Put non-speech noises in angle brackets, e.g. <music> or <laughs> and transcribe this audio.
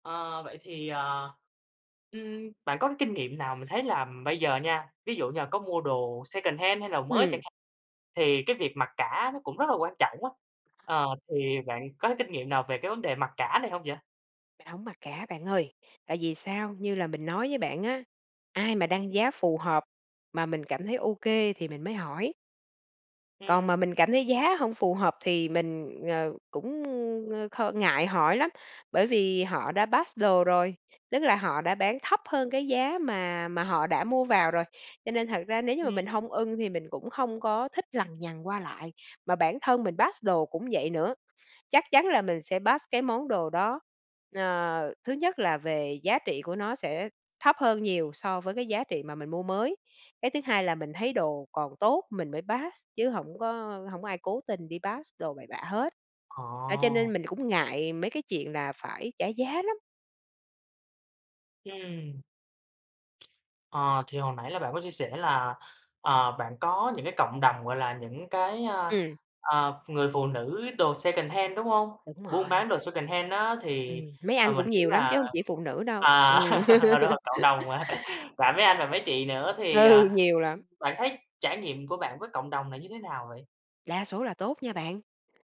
Ờ, vậy thì, ờ, ừm, bạn có cái kinh nghiệm nào mình thấy là bây giờ nha, ví dụ như là có mua đồ secondhand hay đồ mới chẳng Ừm. hạn, thì cái việc mặc cả nó cũng rất là quan trọng á, ờ, thì bạn có cái kinh nghiệm nào về cái vấn đề mặc cả này hông vậy? Mình hổng mặc cả bạn ơi, tại vì sao? Như là mình nói với bạn á, ai mà đăng giá phù hợp mà mình cảm thấy OK thì mình mới hỏi. Còn mà Ừm. mình cảm thấy giá hông phù hợp thì mình, ờ, cũng ng kh ngại hỏi lắm, bởi vì họ đã pass đồ rồi, tức là họ đã bán thấp hơn cái giá mà mà họ đã mua vào rồi, cho nên thật ra nếu như mà mình Ừm. hông ưng thì mình cũng hông có thích lằng nhằng qua lại, mà bản thân mình pass đồ cũng vậy nữa, chắc chắn là mình sẽ pass cái món đồ đó. Ờ, thứ nhất là về giá trị của nó sẽ thấp hơn nhiều so với cái giá trị mà mình mua mới, cái thứ hai là mình thấy đồ còn tốt, mình mới pass chứ hổng có hổng có ai cố tình đi pass đồ bậy bạ hết. Đó, cho Ồ. nên mình cũng ngại mấy cái chuyện là phải trả giá lắm. Ừm. <tsk> Ờ, thì hồi nãy là bạn có chia sẻ là, ờ, bạn có những cái cộng đồng gọi là những cái, ờ, Ừm. ờ, ph người phụ nữ đồ secondhand, đúng hông? Đúng Buôn rồi. bán đồ secondhand á thì, Ừm, mấy à, anh mình cũng nghĩ nhiều lắm là chứ hông chỉ phụ nữ đâu, ừm. à, đúng rồi, cộng đồng <laughs> hả? <laughs> Và mấy anh và mấy chị nữa thì, Ừ, à, nhiều lắm. bạn thấy trải nghiệm của bạn với cộng đồng này như thế nào vậy? Đa số là tốt nha bạn.